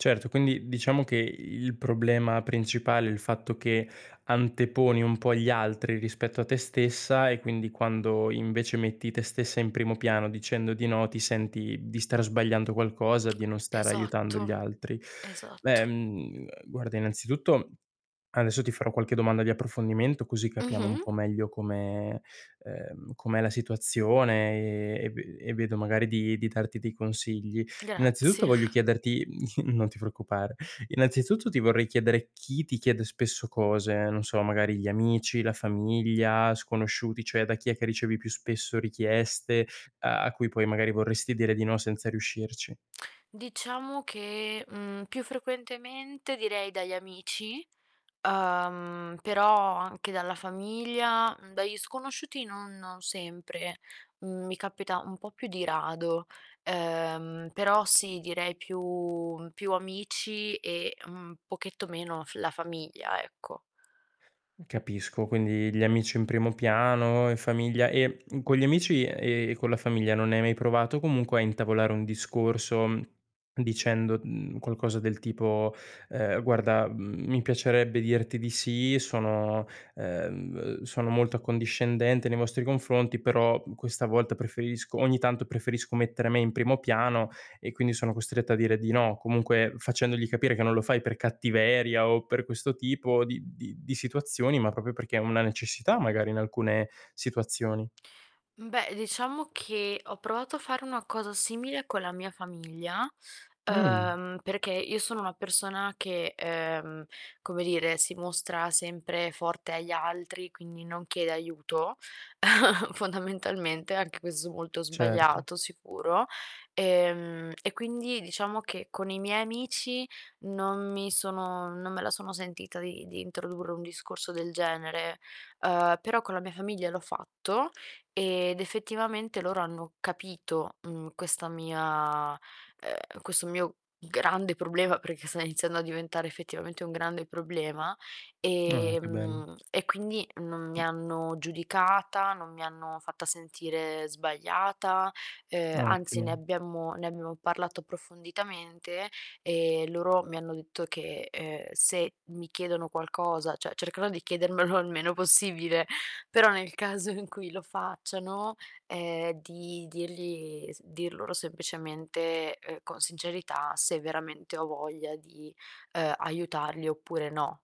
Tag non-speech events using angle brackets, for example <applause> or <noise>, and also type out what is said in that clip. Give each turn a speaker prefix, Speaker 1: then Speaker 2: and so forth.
Speaker 1: Certo, quindi diciamo che il problema principale è il fatto che anteponi un po' gli altri rispetto a te stessa e quindi quando, invece, metti te stessa in primo piano, dicendo di no, ti senti di star sbagliando qualcosa, di non stare aiutando gli
Speaker 2: Esatto,
Speaker 1: altri. Beh,
Speaker 2: esatto.
Speaker 1: mhmm, uhm, guarda, innanzitutto, adesso ti farò qualche domanda di approfondimento, così capiamo un
Speaker 2: Mh-mh.
Speaker 1: po' meglio come ehm, com'è la situazione, ehm, e ve e vedo magari di di darti dei consigli. Innanzitutto,
Speaker 2: Grazie.
Speaker 1: voglio
Speaker 2: <chuckles>
Speaker 1: chiederti mhmm, <chuckles> non ti preoccupare. Innanzitutto, ti vorrei chiedere chi ti chiede spesso cose, non so, magari gli amici, la famiglia, sconosciuti, cioè da chi è che ricevi più spesso richieste a a cui poi magari vorresti dire di no senza riuscirci?
Speaker 2: Diciamo che, mhmm, più frequentemente direi dagli amici, uhm, però anche dalla famiglia, dagli sconosciuti non non sempre. Mhmm, mi capita un po' più di rado, uhm, però sì, direi più più amici e un pochetto meno f la famiglia, ecco.
Speaker 1: Capisco, quindi gli amici in primo piano, in famiglia e, mhmm, con gli amici e con la famiglia non hai mai provato comunque a intavolare un discorso, mhmm, dicendo, mhmm, qualcosa del tipo: "Ehm, guarda, mhmm, mi piacerebbe dirti di sì, sono, uhm, sono molto accondiscendente nei vostri confronti, però questa volta preferisco ogni tanto preferisco mettere me in primo piano e quindi sono costretta a dire di no". Comunque facendogli capire che non lo fai per cattiveria o per questo tipo di di di situazioni, ma proprio perché è una necessità magari in alcune situazioni.
Speaker 2: Mhmm, beh, diciamo che ho provato a fare una cosa simile con la mia famiglia,
Speaker 1: Mh.
Speaker 2: uhm, perché io sono una persona che, ehm, come dire, si mostra sempre forte agli altri, quindi non chiede aiuto, <chuckles> fondamentalmente; anche questo molto
Speaker 1: Certo.
Speaker 2: sbagliato, sicuro. Ehm, e quindi diciamo che con i miei amici non mi sono non me la sono sentita di di introdurre un discorso del genere, uhm, però con la mia famiglia l'ho fatto ed, effettivamente, loro hanno capito, mhmm, questa mia uhm, questo mio grande problema, perché sto iniziando a diventare effettivamente un grande problema,
Speaker 1: Ah, che bello.
Speaker 2: ehm, e quindi non mi
Speaker 1: Mh.
Speaker 2: hanno giudicata, non mi hanno fatta sentire sbagliata, ehm, anzi, ne
Speaker 1: Ottimo.
Speaker 2: abbiamo ne abbiamo parlato approfonditamente, e loro mi hanno detto che, uhm, se mi chiedono qualcosa cioè cercherò di chiedermelo il meno possibile, però nel caso in cui lo facciano, ehm, di dirgli s dir loro semplicemente, uhm, con sincerità se veramente ho voglia di, uhm, aiutarli oppure no.